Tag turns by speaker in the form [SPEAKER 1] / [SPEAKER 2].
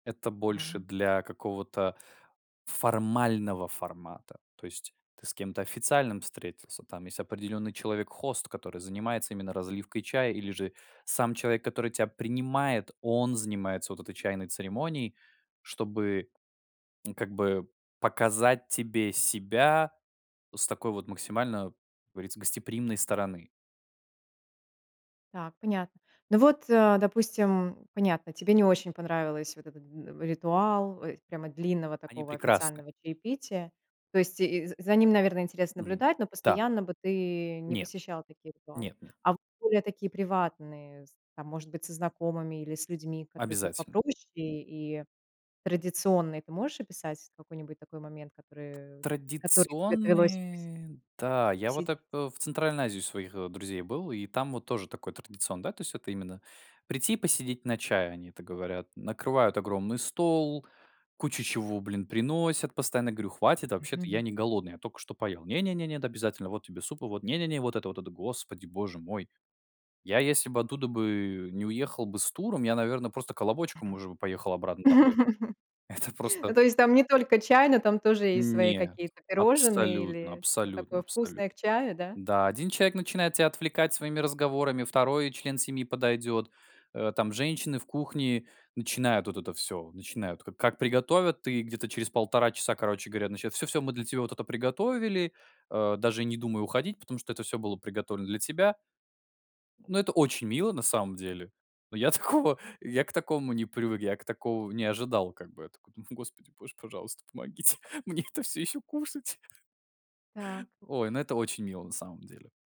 [SPEAKER 1] Это больше
[SPEAKER 2] А.
[SPEAKER 1] для какого-то формального формата. То есть ты с кем-то официальным встретился. Там есть определённый человек-хост, который занимается именно разливкой чая. Или же сам человек, который тебя принимает, он занимается вот этой чайной церемонией, чтобы, как бы, показать тебе себя с такой вот максимально, говорится, гостеприимной стороны.
[SPEAKER 2] Так, понятно. Ну вот, а, допустим, понятно. Тебе не очень понравилась вот эта н ритуал, ой прямо длинного
[SPEAKER 1] Они
[SPEAKER 2] такого
[SPEAKER 1] прекрасны.
[SPEAKER 2] официального чаепития. То есть и за за ним, наверное, интересно
[SPEAKER 1] Мгм.
[SPEAKER 2] наблюдать, но
[SPEAKER 1] Да.
[SPEAKER 2] постоянно бы ты не
[SPEAKER 1] Нет.
[SPEAKER 2] посещал такие ритуалы.
[SPEAKER 1] Нет, нет.
[SPEAKER 2] А в более такие приватные, з там, может быть, со знакомыми или с людьми, которые будут
[SPEAKER 1] Обязательно.
[SPEAKER 2] попроще. И традиционные- ты можешь описать какой-нибудь такой момент, который, который тебе довелось пась
[SPEAKER 1] Традиционные. Та, я
[SPEAKER 2] посетить.
[SPEAKER 1] вот ап э, в Центральной Азии у своих, э, друзей был, и там вот тоже такой традицион да, то есть это именно прийти и посидеть на чай, они это говорят. Накрывают огромный стол, кучу чего, блин, приносят постоянно. Я говорю: "Хватит, вообще-то я
[SPEAKER 2] Мгм.
[SPEAKER 1] не голодный, я только что поел". "Не не, нет, обязательно. Вот тебе суп и вот. Не не не вот это, вот это". Господи боже мой. Я если бы оттуда бы не уехал бы с туром, я, наверно, просто колобочком уже бы поехал обратно домой. Это просто
[SPEAKER 2] Ну, то есть там не только чай, но там тоже есть свои
[SPEAKER 1] Нет.
[SPEAKER 2] какие-то пирожные
[SPEAKER 1] Абсолютно,
[SPEAKER 2] или что-то
[SPEAKER 1] абсолютно,
[SPEAKER 2] такое
[SPEAKER 1] абсолютно.
[SPEAKER 2] вкусное к чаю, да?
[SPEAKER 1] Да, 1 человек начинает тебя отвлекать своими разговорами, 2 член семьи подойдет. Э, там, женщины в кухне, начинают вот это всё. Начинают ка как приготовят и где-то через 1,5 часа, короче говоря, начина "Всё, всё мы для тебя вот это приготовили. А, даже не думай уходить, потому что это всё было приготовлено для тебя". Ну, это очень мило на самом деле. Но я такого я к такому не привык. Я к такому не ожидал. Как бы я такой: "Ну, Господи, боже, пожалуйста, помогите мне это всё ещё кушать!"
[SPEAKER 2] Так.
[SPEAKER 1] Ой, ну это очень мило, на самом деле.